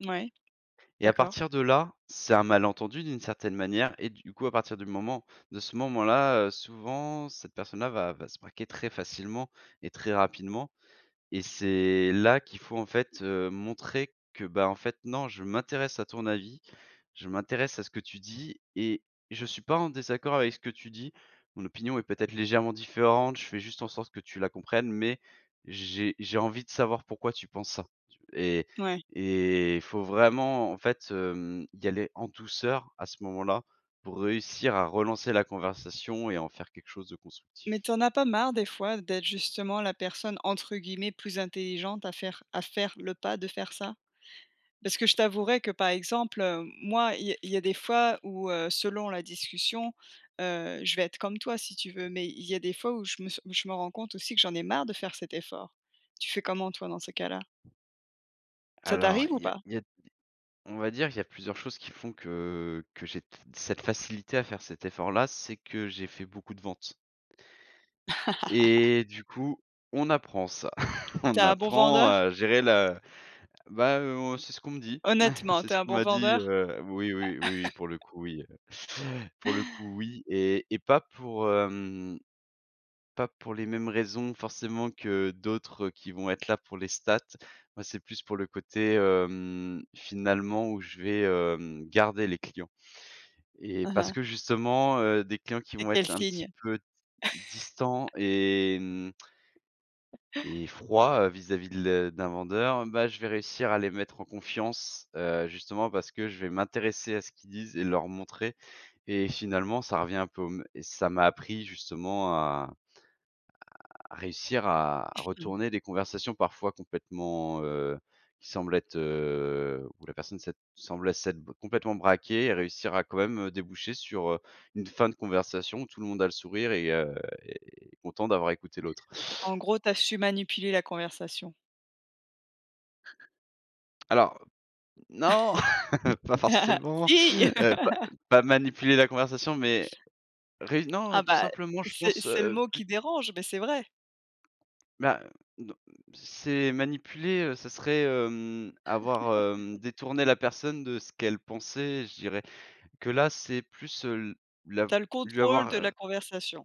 Ouais, Et à d'accord. partir de là, c'est un malentendu d'une certaine manière et du coup à partir du moment de ce moment-là, heu, souvent cette personne-là va va se braquer très facilement et très rapidement et c'est là qu'il faut en fait, heu, montrer que bah, en fait non: «Je m'intéresse à ton avis, je m'intéresse à ce que tu dis et je suis pas en désaccord avec ce que tu dis. Mon opinion est peut-être légèrement différente, je fais juste en sorte que tu la comprennes mais j'ai j'ai envie de savoir pourquoi tu penses ça, tu» et Ouais. et faut vraiment en fait, hem, y aller en douceur à ce moment-là, pour réussir à relancer la conversation et en faire quelque chose de constructif. Mais tu en as pas marre des fois d'être justement la personne entre guillemets «plus intelligente» à faire à faire le pas de faire ça? Parce que je t'avouerais que par exemple, heu, moi il y a il y a des fois où, heu, selon la discussion, heu, je vais être comme toi si tu veux, mais il y a des fois où je me s où je me rends compte aussi que j'en ai marre de faire cet effort. Tu fais comment toi dans ces cas-là? Ça Alors, t'arrive ou il y a pas? il y a des on va dire qu'il y a plusieurs choses qui font que que j'ai t c cette facilité à faire cet effort-là, c'est que j'ai fait beaucoup de vente et du coup, on apprend ça. Tu On es un bon apprend vendeur? à gérer la bah, heu, oh, c'est ce qu'on me dit, Honnêtement, c'est tu es ce un qu'on bon m'a dit, vendeur? heu, oui, oui, oui, oui, oui pour le coup, oui, heu, pour le coup, oui et et pas pour, hem, pas pour les mêmes raisons forcément que d'autres qui vont être là pour les statistiques. Moi c'est plus pour le côté, hem, finalement où je vais, hem, garder les clients et Mmh parce mh. que justement, heu, des clients qui Tu es vont quel être un signe? petit peu d distants et hem et froids, heu, vis-à-vis de le d'un vendeur, hem, bah, je vais réussir à les mettre en confiance. Heu, justement parce que je vais m'intéresser à ce qu'ils disent et leur montrer et finalement ça revient un peu au mê ça m'a appris justement à à réussir à retourner des conversations parfois complètement, heu, qui semblent être, heu, où la personne sa semblait s'être complètement braquée et réussir à quand même, heu, déboucher sur, heu, une fin de conversation où tout le monde a le sourire et heu et est content d'avoir écouté l'autre. En gros, tu as su manipuler la conversation. Alors non, pas forcément, Si! heu, pas pas manipuler la conversation, mais réu non, heu, Ah tout bah, simplement, je c'est pense, c'est heu, le heu, mot plus qui dérange, mais c'est vrai. Bah heu, non, c'est manipuler, heu, ce serait, hem, avoir, hem, détourné la personne de ce qu'elle pensait, je dirais que là, c'est plus, heu, l l'av Tu as le lui contrôle avoir, de la heu conversation.